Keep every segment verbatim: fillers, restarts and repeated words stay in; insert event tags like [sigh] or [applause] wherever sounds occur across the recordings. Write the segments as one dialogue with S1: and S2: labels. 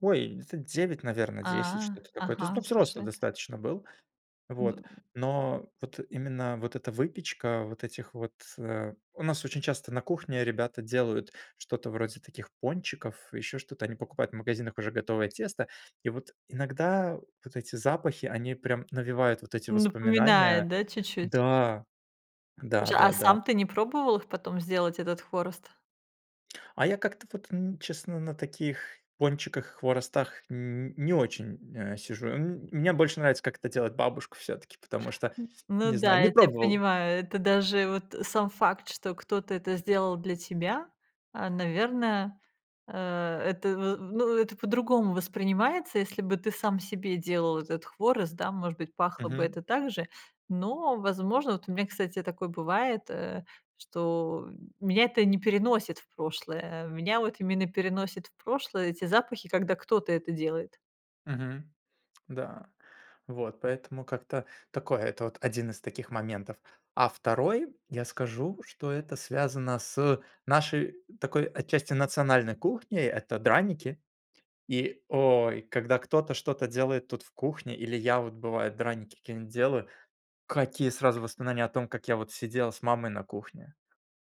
S1: Ой, где-то девять, наверно, десять,
S2: А,
S1: что-то такое. То есть, ну,
S2: ага,
S1: взрослый
S2: слушай.
S1: достаточно был. Вот.
S2: Д
S1: Но вот именно вот эта выпечка, вот этих вот. У нас очень часто на кухне ребята делают что-то вроде таких пончиков, ещё что-то, они покупают в магазинах уже готовое тесто, и вот иногда вот эти запахи, они прям навевают вот эти воспоминания
S2: Напоминает, да, чуть-чуть?
S1: Да. Да
S2: Слушай, а
S1: да, да.
S2: сам ты не пробовал их потом сделать, этот хворост?
S1: А я как-то вот н честно на таких пончиках, хворостах нь не очень, э, сижу. М мне больше нравится, как это делает бабушка всё-таки, потому что,
S2: Н ну
S1: не
S2: да,
S1: знаю, не
S2: я тебя
S1: пробовал.
S2: понимаю, это даже вот сам факт, что кто-то это сделал для тебя, а, наверно, э, это в ну, это по-другому воспринимается. Если бы ты сам себе делал этот хворост, да, может быть, пахло бы
S1: Мгм.
S2: это так же, но, возможно Вот у меня, кстати, такое бывает, э, что меня это не переносит в прошлое, меня вот именно переносят в прошлое эти запахи, когда кто-то это делает.
S1: Мгм. Да. Вот поэтому как-то такое, это вот один из таких моментов. А второй, я скажу, что это связано с нашей такой отчасти национальной кухней,- это драники. И, ой, когда кто-то что-то делает тут в кухне, или я вот, бывает, драники какие-нить делаю, какие сразу воспоминания о том, как я вот сидел с мамой на кухне.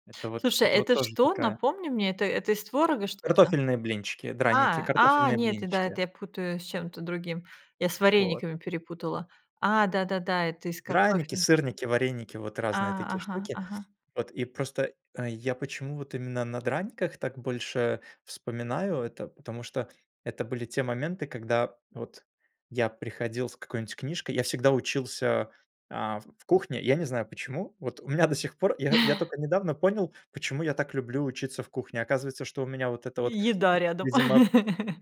S1: Это вот,
S2: Слушай,
S1: это вот
S2: это
S1: тоже
S2: что?
S1: такая
S2: Напомни мне, это это из творога что-то?
S1: Картофельные блинчики, драники,
S2: А, а,
S1: картофельные
S2: нет, это да,
S1: блинчики.
S2: это я путаю с чем-то другим. Я с
S1: Вот.
S2: варениками перепутала. А, да-да-да, это из
S1: Драники,
S2: картофеля.
S1: сырники, вареники, вот разные
S2: А,
S1: такие
S2: ага,
S1: штуки.
S2: ага.
S1: Вот. И просто, э, я почему вот именно на драниках так больше вспоминаю это? Потому что это были те моменты, когда вот я приходил с какой-нибудь книжкой, я всегда учился, а, в в кухне. Я не знаю, почему, вот, у меня до сих пор, я, я
S2: [chuckles]
S1: тока недавно понял, почему я так люблю учиться в кухне. Оказывается, что у меня, вот это
S2: И
S1: вот,
S2: еда рядом.
S1: видимо,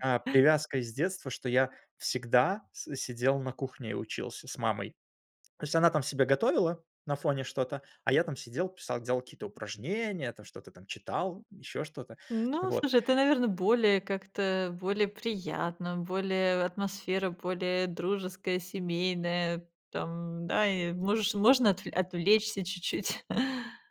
S1: а, привязка из детства, что я всегда с сидел на кухне и учился с мамой. То есть она там себе готовила на фоне что-то, а я там сидел, писал, делал какие-то упражнения, я там что-то там читал, ещё что-то.
S2: Ну,
S1: Вот.
S2: слушай, это, наверно, более как-то, более приятно, более атмосфера более дружеская, семейная, там, да, и можешь можно отвле отвлечься чуть-чуть. [chuckles]